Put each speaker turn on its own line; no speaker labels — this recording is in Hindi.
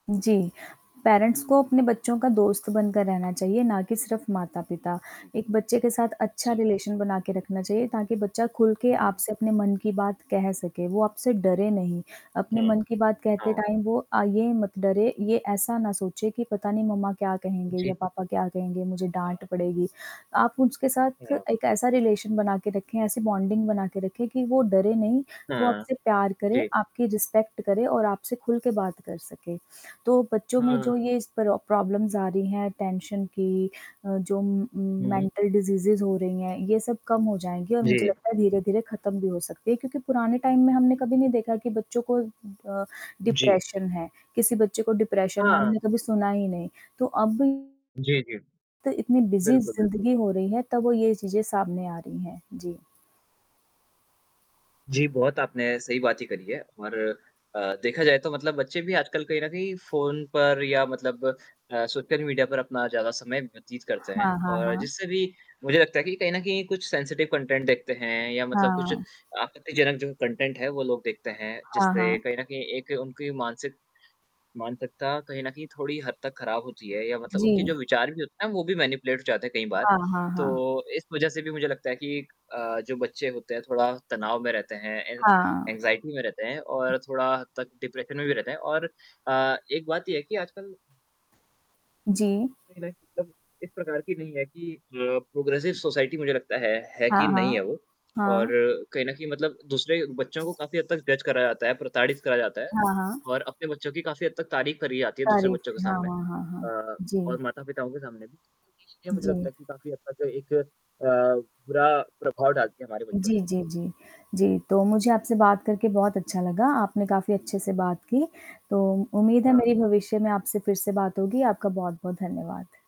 जी। पेरेंट्स को अपने बच्चों का दोस्त बनकर रहना चाहिए ना कि सिर्फ़ माता-पिता। एक बच्चे के साथ अच्छा
जी।
रिलेशन बना के रखना चाहिए ताकि बच्चा खुल के
हुँ, हुँ।
आपसे अपने मन की बात कह सके। वो आपसे डरे नहीं, अपने मन
हाँ।
की बात कहते
हाँ।
टाइम वो अ, ये मत डरे, ये ऐसा ना सोचे कि पता नहीं मम्मा क्या कहेंगे
जी,
या
जी।
पापा क्या कहेंगे मुझे डाँट पड़ेगी। आप उसके साथ
हाँ।
एक ऐसा रिलेशन बना के रखें ऐसी बॉन्डिंग बना के रखें कि वो डरे नहीं वो
हाँ।
आपसे प्यार करे
जी।
आपकी रिस्पेक्ट करे और आपसे खुल के बात कर सके। तो बच्चों में जो
हाँ।
ये इस तरह प्रॉब्लम्स आ रही हैं टेंशन की अ, जो म
हुँ।
मेंटल डिजीज़ीज़ हो रही हैं ये सब कम हो जाएँगे और मुझे
जी।
लगता है धीरे-धीरे ख़त्म भी हो सकती है क्योंकि पुराने टाइम में हमने कभी नहीं देखा कि बच्चों को अ,
जी।
डिप्रेशन है किसी बच्चे को डिप्रेशन है
हाँ।
हमने कभी सुना ही नहीं। तो अब
जी, जी।
तो इतनी बिज़ी
बिल्कुल, बिल्कुल।
ज़िंदगी हो रही है तब वो ये चीज़ें सामने आ रही हैं। जी।
जी, बहुत आपने सही बात ची करी है और अ, देखा जाए तो मतलब बच्चे भी आजकल कहीं न कहीं फ़ोन पर या मतलब अ, सोशल मीडिया पर अपना ज़्यादा समय व्यतीत करते हैं।
हाँ, हाँ,
और
हाँ।
जिससे भी मुझे लगता है कि कहीं न कहीं कुछ सेंसिटिव कंटेंट देखते हैं या मतलब कुछ
हाँ।
आपत्तिजनक जो कंटेंट है वो लोग देखते हैं
हाँ,
जिससे
हाँ।
कहीं न कहीं एक उनकी मानसिक मानसिकता कहीं न कहीं थोड़ी हद तक ख़राब होती है या मतलब उनके
जी।
जो विचार भी होते हैं वो भी मैनिपुलेट हो जाते हैं कई बार।
हाँ, हाँ, हाँ।
तो इस वज़ह से भी मुझे लगता है कि अ, जो बच्चे होते हैं थोड़ा तनाव में रहते हैं। एन
हाँ।
एंग्जायटी में रहते हैं और थोड़ा तक डिप्रेशन में भी रहते हैं और अ, एक बात ये है कि आजकल
जी।
नहीं, नहीं मतलब इस प्रकार की नहीं है कि अ, प्रोग्रेसिव सोसाइटी मुझे लगता है है
हाँ,
कि नहीं
हाँ।
है वो और
हाँ।
कहीं न कहीं मतलब दूसरे बच्चों को काफ़ी हद तक डेच करा जाता है, प्रताड़ित करा जाता है
हाँ, हाँ।
और अपने बच्चों की काफ़ी हद तक तारीफ़ करी जाती है दूसरे
तारीफ़
बच्चों के
थी। हाँ,
सामने।
हाँ, हाँ, हाँ,
अ,
जी।
और माता-पिताओं के सामने भी, ये चीज़ें मुझे
जी।
लगता है कि काफ़ी अच्छा एक अ, बुरा प्रभाव डालती है हमारे बच्चों
जी,
पे।
जी, जी। जी, तो मुझे आपसे बात करके बहुत अच्छा लगा। आपने काफ़ी अच्छे से बात की। तो उम्मीद है
हाँ।
मेरी भविष्य में आपसे फिर से बात होगी। आपका बहुत-बहुत धन्यवाद।